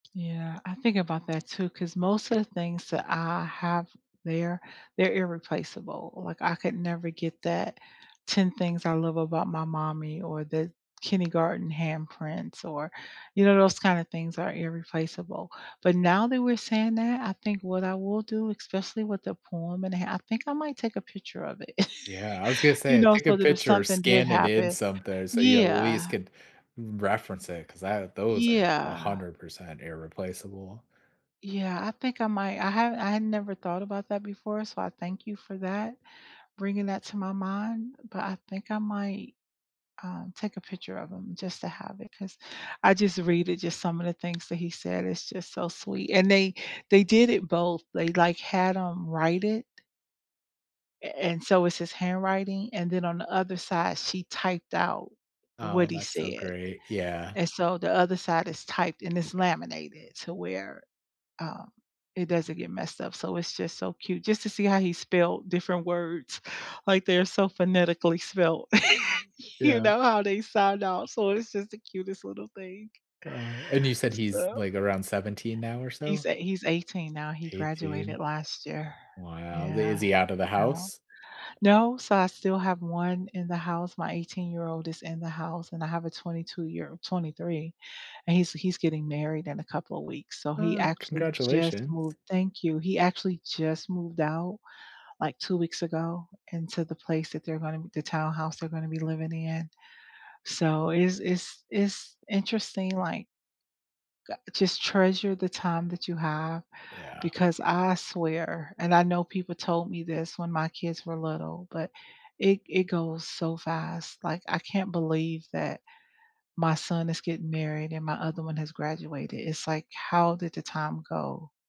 Yeah, I think about that too, 'cause most of the things that I have there, they're irreplaceable, like, I could never get that 10 things I love about my mommy or the kindergarten handprints or, you know, those kinda things are irreplaceable, but now that we're saying that, I think what I will do, especially with the poem, and I think I might take a picture of it, Yeah, I was gonna you say, know, take a so that if picture or something did scan it in happen something so you at least Yeah. could reference it 'cause tha those are a Yeah. hundred percent irreplaceable. Yeah, I think I might I have I had never thought about that before so I thank you for that, bringing that to my mind, but I think I might, um, take a picture of 'em just to have it 'cause I just read it, just some of the things that he said, it's just so sweet and they they did it both. They, like, had him write it a and so it's his handwriting, and then on the other side she typed out what Oh, he that's so said, great. Yeah. and so the other side is typed and it's laminated to where, um, it doesn't get messed up, so it's just so cute just to see how he spelled different words, like, they're so phonetically spelled. You Yeah. know how they sound out so it's just the cutest little thing. Oh, and you said he's, So like, around 17 now or He's so? eigh he's 18 now, he graduated 18. last year Wow, they is yeah. he outta You know house? no, so, I still have one in the house, my eighteen-year-old is in the house and I have a twenty-two-year 23, and he's he's getting married in a couple of weeks so he Oh, actually just congratulations. moved Thank you. He actually just moved out like 2 weeks ago into the place that they're gonna the townhouse they're gonna be living in, so it's it's it's interesting, like ...g just treasure the time that you have Yeah. because I swear, and I know people told me this when my kids were little, but it it goes so fast, like, I can't believe that my son is getting married and my other one has graduated, it's like, "How did the time go?"